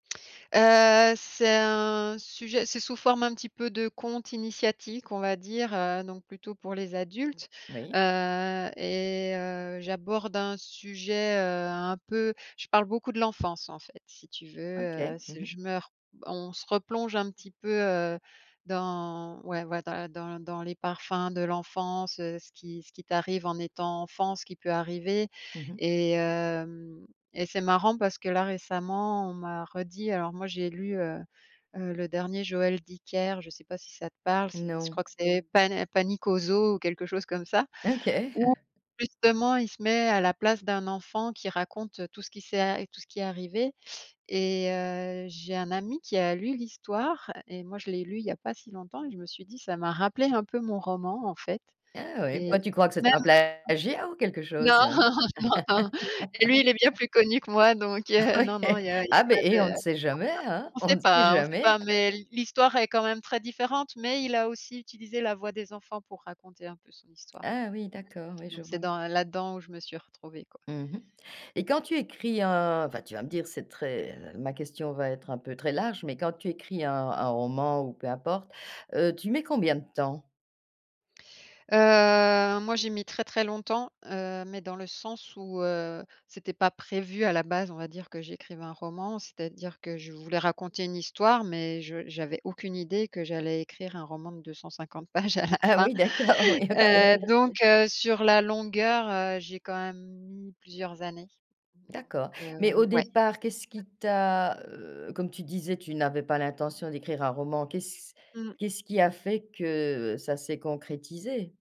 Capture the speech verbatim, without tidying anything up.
Heu, c'est un sujet c'est sous forme un petit peu de conte initiatique, on va dire, heu, donc plutôt pour les adultes. Oui. Heu, et heu, j'aborde un sujet, heu, un peu je parle beaucoup de l'enfance, en fait, si tu veux. Heu, OK. Mmh c'est mh. je meur on se replonge un petit peu, heu, dans ouais, ouais, dans la dans dans les parfums de l'enfance, heu, ce qui ce qui, t'arrive en étant enfant, ce qui peut arriver, Mmh mh. et hem, et c'est marrant parce que là, récemment, on m'a redit, alors moi j'ai lu, heu heu, le dernier Joël Dicker, je sais pas si ça te parle? C'est je Non. crois que c'est pané Panique au zoo ou quelque chose comme ça. OK. Où justement il se met à la place d'un enfant qui raconte tout ce qui s'est a tout ce qui est arrivé, et heu, j'ai un ami qui a lu l'histoire, et moi, je l'ai lu il y a pas si longtemps, et je me suis dit ça m'a rappelé un peu mon roman, en fait, Ah oui. et Bah, tu crois que même c'est un [unintelligible] plagiat, ou quelque non! chose? Non, non, lui, il est bien plus connu que moi, donc Ah non, oui, non, eh, il y a il y a ah, beh, pas eh, on ne de [unintelligible] sait jamais, hein? on On sait ne sait pas on sait jamais. pas, mais l'histoire est quand même très différente, mais il a aussi utilisé la voix des enfants pour raconter un peu son histoire, Ah oui, d'accord, oui, je donc c'est vois. dans là-dedans où je me suis retrouvée, quoi. Mmh mh, et quand tu écris un enfin, tu vas me dire, c'est très ma question va être un peu très large, mais quand tu écris un un roman ou peu importe, heu, tu mets combien de temps? Heu, moi, j'ai mis très, très longtemps. Heu, mais dans le sens où, heu, c'était pas prévu à la base on va dire que j'écrive un roman. C'est-à-dire que je voulais raconter une histoire mais je j'avais aucune idée que j'allais écrire un roman de deux cent cinquante pages à la Ah fin. oui, d'accord, oui, OK. Heu, donc heu, sur la longueur, heu, j'ai quand même mis plusieurs années, donc D'accord, heu, mais au ouais. départ, qu'est-ce qui t'a, heu, comme tu disais, tu n'avais pas l'intention d'écrire un roman? Qu'est-ce Mmh. qu'est ce qui a fait que ça s'est concrétisé?